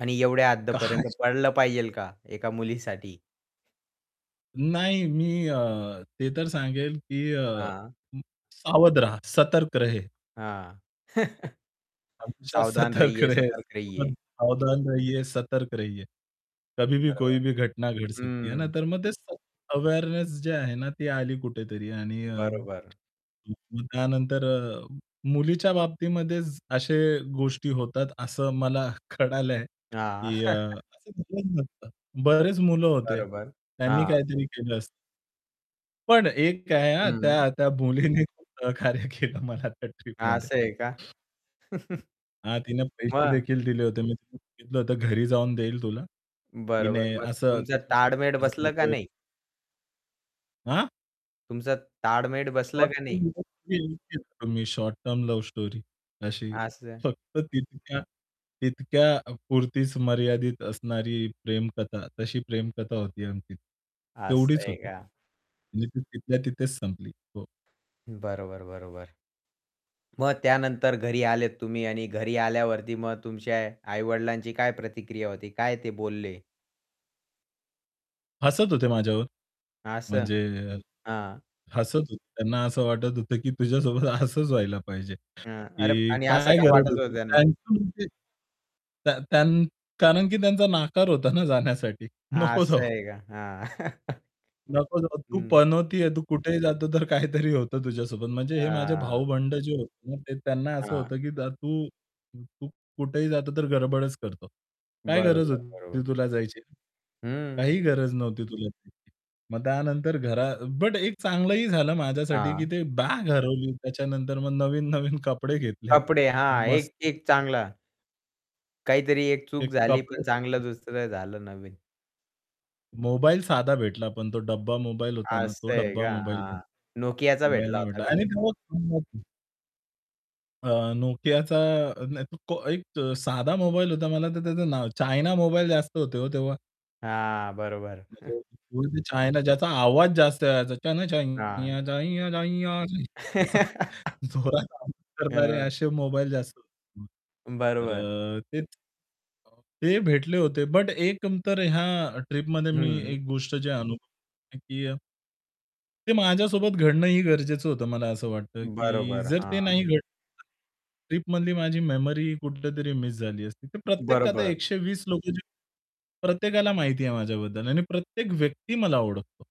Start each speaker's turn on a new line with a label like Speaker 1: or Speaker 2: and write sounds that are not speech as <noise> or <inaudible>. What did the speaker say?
Speaker 1: आणि एवढ्या हद्द पर
Speaker 2: काय?
Speaker 1: पडलं पाहिजेल का, एका मुलीसाठी.
Speaker 2: नाही. मी अ, ते तर सांगेल की अ,
Speaker 1: हां.
Speaker 2: सावध रहा, सतर्क
Speaker 1: अ,
Speaker 2: रहे.
Speaker 1: हां, <chuckles>
Speaker 2: हमेशा
Speaker 1: सावधान
Speaker 2: सतर्क
Speaker 1: रहिये,
Speaker 2: रहे,
Speaker 1: सतर्क रहिये.
Speaker 2: सावधान रहिये, सतर्क रहिये. कभी भी कोई
Speaker 1: बरोबर,
Speaker 2: भी घटना घड सकती. ना,
Speaker 1: हं.
Speaker 2: तर मग ते अवेअरनेस जी आहे ना ती आली कुठेतरी आणि अ,
Speaker 1: बरोबर.
Speaker 2: <unintelligible> त्यानंतर मुलीच्या बाबतीमध्ये असे गोष्टी होतात असं मला कळालंय
Speaker 1: हां.
Speaker 2: की अ,
Speaker 1: <chuckles>
Speaker 2: असं झालंच नसतं. बरेच मुलं होते,
Speaker 1: बरोबर,
Speaker 2: त्यांनी
Speaker 1: हां.
Speaker 2: काहीतरी केलं असतं. पण एक काय आहे, हा
Speaker 1: हं.
Speaker 2: त्या त्या मुलीने खूप सहकार्य केलं मला त्या ट्रिपमध्ये.
Speaker 1: असं आहे का? <chuckles>
Speaker 2: हा, तिने
Speaker 1: मग?
Speaker 2: पैसेदेखील दिले होते. मी सांगितलं होतं, "घरी जाऊन देईल तुला." तिने
Speaker 1: बरोबर. मग
Speaker 2: असं
Speaker 1: तुमचं ताळमेळ
Speaker 2: तिच्याकडून
Speaker 1: बसलं का
Speaker 2: माझं <unintelligible>
Speaker 1: नाही?
Speaker 2: हा?
Speaker 1: तुमचं ताळमेळ बसलं
Speaker 2: शॉर्ट
Speaker 1: का नाही?
Speaker 2: Term <unintelligible> short term love story, अशी
Speaker 1: असं.
Speaker 2: फक्त तितक्या तितक्यापुरतीच मर्यादित असणारी प्रेमकथा. तशी प्रेमकथा होती आमची.
Speaker 1: असं
Speaker 2: तेवढीच
Speaker 1: आहे
Speaker 2: होती.
Speaker 1: का?
Speaker 2: म्हणजे ती तिथल्या तिथेच संपली. हो.
Speaker 1: बरोबर, बरोबर. मग त्यानंतर घरी आलेत तुम्ही आणि घरी आल्यावरती मग तुमच्या आई-वडिलांची काय प्रतिक्रिया होती, काय ते बोलले?
Speaker 2: हसत होते माझ्यावर.
Speaker 1: असं,
Speaker 2: म्हणजे,
Speaker 1: हां.
Speaker 2: हसत होते. त्यांना असं वाटत होतं, की तुझ्यासोबत हसंच व्हायला पाहिजे.
Speaker 1: हं. अरे
Speaker 2: की
Speaker 1: आणि असं
Speaker 2: काय
Speaker 1: का
Speaker 2: गरज
Speaker 1: वाटत होतं
Speaker 2: होती.
Speaker 1: त्यांना?
Speaker 2: <unintelligible> त्या त्या कारण, की त्यांचा नकार होता ना जाण्यासाठी. नको
Speaker 1: असं
Speaker 2: जाऊ.
Speaker 1: आहे का? हां. <chuckles>
Speaker 2: नको जाऊ. तू
Speaker 1: हं.
Speaker 2: पनोती आहे. तू कुठेही जातो, तर काहीतरी होतं तुझ्यासोबत. म्हणजे हे माझे
Speaker 1: अ.
Speaker 2: भाऊ-बंध जे होते, त्यांना असं
Speaker 1: हां.
Speaker 2: होतं, की तू तू कुठेही जातो, तर गडबडच करतो. काय गरज
Speaker 1: बरोबर, बरोबर.
Speaker 2: होती तुला जायची?
Speaker 1: हं.
Speaker 2: काही गरज नव्हती तुला. मग त्यानंतर घरा बट एक चांगलंही झालं माझ्यासाठी, की
Speaker 1: हां.
Speaker 2: ती बॅग हरवली. त्याच्यानंतर मग नवीन नवीन कपडे घेतले.
Speaker 1: कपडे हां, एक
Speaker 2: मस्तपैकी.
Speaker 1: एक चांगला. काहीतरी एक चूक
Speaker 2: एक
Speaker 1: झाली,
Speaker 2: कपडे
Speaker 1: पण चांगलं
Speaker 2: <unintelligible>
Speaker 1: दुसरं झालं नवीन.
Speaker 2: मोबाईल साधा भेटला, पण तो डब्बा मोबाईल होता ना,
Speaker 1: अस
Speaker 2: तो
Speaker 1: आहे
Speaker 2: डब्बा
Speaker 1: का?
Speaker 2: मोबाईल <unintelligible>
Speaker 1: हां, Nokiaचा
Speaker 2: मोबाईल
Speaker 1: भेटला
Speaker 2: नाही
Speaker 1: होता
Speaker 2: भेटला.
Speaker 1: का?
Speaker 2: आणि तेव्हा <unintelligible> अ, Nokiaचा अ, <unintelligible> को एक साधा मोबाईल होता मला. तर त्याचं नाव चायना मोबाईल जास्त होतं हो तेव्हा.
Speaker 1: हां, बरोबर. <chuckles>
Speaker 2: <unintelligible> ज्याचा आवाज जास्त यायचा. चल
Speaker 1: हां.
Speaker 2: छैया छैया छैया छैया असा
Speaker 1: <chuckles>
Speaker 2: <chuckles> जोरात आवाज करणारे
Speaker 1: हं.
Speaker 2: असे मोबाईल जास्त होते तेव्हा.
Speaker 1: बरोबर.
Speaker 2: तर ते अ, ते भेटले होते. बट एक तर ह्या ट्रिपमध्ये मी
Speaker 1: हं.
Speaker 2: एक गोष्ट जे अनुभव आहे की ते माझ्यासोबत घडणं ही गरजेचं होतं, मला असं वाटतं, की
Speaker 1: बरोबर,
Speaker 2: जर ते
Speaker 1: हां.
Speaker 2: नाही घडलं ट्रिपमधली माझी मेमरी कुठेतरी मिस झाली असती. तर प्रत्येक आता
Speaker 1: बरोबर.
Speaker 2: 120 लोकं, प्रत्येकाला माहिती आहे माझ्याबद्दल आणि प्रत्येक व्यक्ती मला ओळखतो.